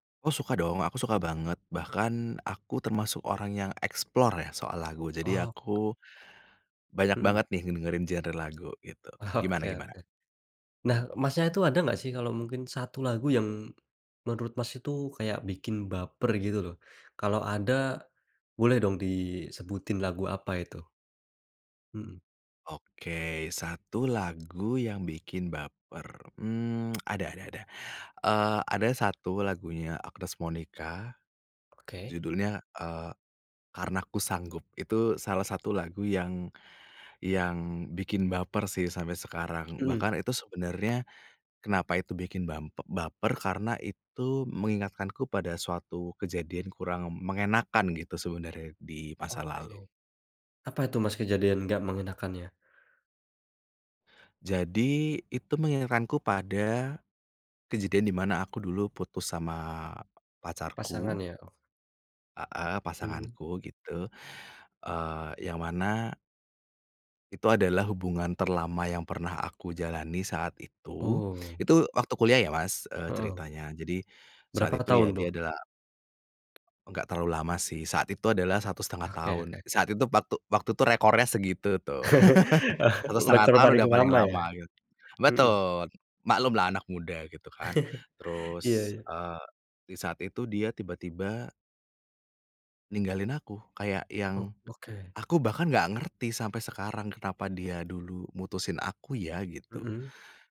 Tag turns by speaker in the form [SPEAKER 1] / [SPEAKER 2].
[SPEAKER 1] Oh suka dong, aku suka banget bahkan aku termasuk orang yang explore ya soal lagu. Jadi
[SPEAKER 2] Oh.
[SPEAKER 1] aku banyak
[SPEAKER 2] Mhm.
[SPEAKER 1] banget nih ngedengerin genre lagu gitu
[SPEAKER 2] Oke
[SPEAKER 1] gimana-gimana?
[SPEAKER 2] oke. Nah, Masnya, itu ada enggak sih kalau mungkin satu lagu yang menurut, Mas, itu kayak bikin baper gitu loh, kalau ada boleh dong disebutin lagu apa itu? Mhm.
[SPEAKER 1] Oke satu lagu yang bikin baper, mmm, ada ada ada. Eee, ada satu lagunya Agnes Monica
[SPEAKER 2] Oke.
[SPEAKER 1] judulnya, eee, Karena Ku Sanggup itu salah satu lagu yang yang bikin baper sih sampai sekarang,
[SPEAKER 2] Mhm.
[SPEAKER 1] bahkan itu sebenarnya kenapa itu bikin bam baper karena itu mengingatkanku pada suatu kejadian kurang mengenakkan gitu sebenarnya di masa lalu.
[SPEAKER 2] Oke. Apa itu, Mas, kejadian enggak mengenakannya?
[SPEAKER 1] Jadi itu mengingatkanku pada kejadian di mana aku dulu putus sama pacarku.
[SPEAKER 2] Pasangan ya?
[SPEAKER 1] Heeh
[SPEAKER 2] Mhm.
[SPEAKER 1] pasanganku gitu. Eee yang mana itu adalah hubungan terlama yang pernah aku jalani saat itu.
[SPEAKER 2] Oh.
[SPEAKER 1] Itu waktu kuliah ya, Mas, eee,
[SPEAKER 2] Heeh.
[SPEAKER 1] ceritanya. Jadi saat
[SPEAKER 2] Berapa
[SPEAKER 1] itu ya,
[SPEAKER 2] tahun tuh?
[SPEAKER 1] dia adalah enggak terlalu lama sih saat itu adalah 1,5
[SPEAKER 2] Oke
[SPEAKER 1] tahun,
[SPEAKER 2] oke.
[SPEAKER 1] saat itu waktu waktu tuh rekornya segitu tuh. 1,5
[SPEAKER 2] Rekor
[SPEAKER 1] tahun
[SPEAKER 2] paling
[SPEAKER 1] udah paling
[SPEAKER 2] lama ya.
[SPEAKER 1] lama gitu
[SPEAKER 2] Heeh.
[SPEAKER 1] betul. Maklum lah anak muda gitu kan
[SPEAKER 2] Iya
[SPEAKER 1] terus,
[SPEAKER 2] iya.
[SPEAKER 1] eee, di saat itu dia tiba-tiba ninggalin aku kayak
[SPEAKER 2] Ok
[SPEAKER 1] yang,
[SPEAKER 2] oke.
[SPEAKER 1] aku bahkan enggak ngerti sampai sekarang kenapa dia dulu mutusin aku ya? Gitu.
[SPEAKER 2] Mhm.